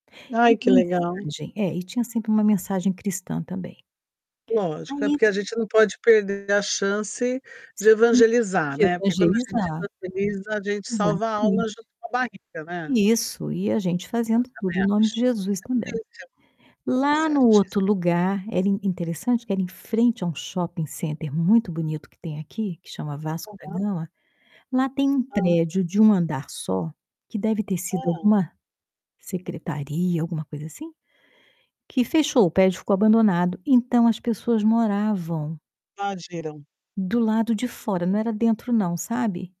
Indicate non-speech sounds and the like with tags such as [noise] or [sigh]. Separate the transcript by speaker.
Speaker 1: E
Speaker 2: Ai, que
Speaker 1: a
Speaker 2: legal.
Speaker 1: mensagem é, e tinha sempre uma mensagem cristã também.
Speaker 2: Lógico, é
Speaker 1: Aí
Speaker 2: porque a gente não pode perder a chance de
Speaker 1: Sim,
Speaker 2: evangelizar,
Speaker 1: de
Speaker 2: né, porque quando a gente
Speaker 1: evangelizar.
Speaker 2: evangeliza a gente salva a alma
Speaker 1: Exatamente.
Speaker 2: junto com a barriga, né.
Speaker 1: Isso. E a gente
Speaker 2: Eu
Speaker 1: fazendo tudo
Speaker 2: também
Speaker 1: em nome
Speaker 2: acho,
Speaker 1: de
Speaker 2: você
Speaker 1: Jesus
Speaker 2: tá
Speaker 1: também.
Speaker 2: [unintelligible] tá
Speaker 1: Lá no outro
Speaker 2: certíssima.
Speaker 1: lugar, era in interessante que era em frente a um shopping center, muito bonito que tem aqui, que chama Vasco da
Speaker 2: Aham.
Speaker 1: Gama, lá tem um
Speaker 2: Hã.
Speaker 1: prédio de 1 andar só, que deve ter sido
Speaker 2: Hum.
Speaker 1: alguma, secretaria, alguma coisa assim, que fechou, o prédio ficou abandonado, então, as pessoas moravam
Speaker 2: Invadiram.
Speaker 1: do lado de fora, não era dentro não, sabe.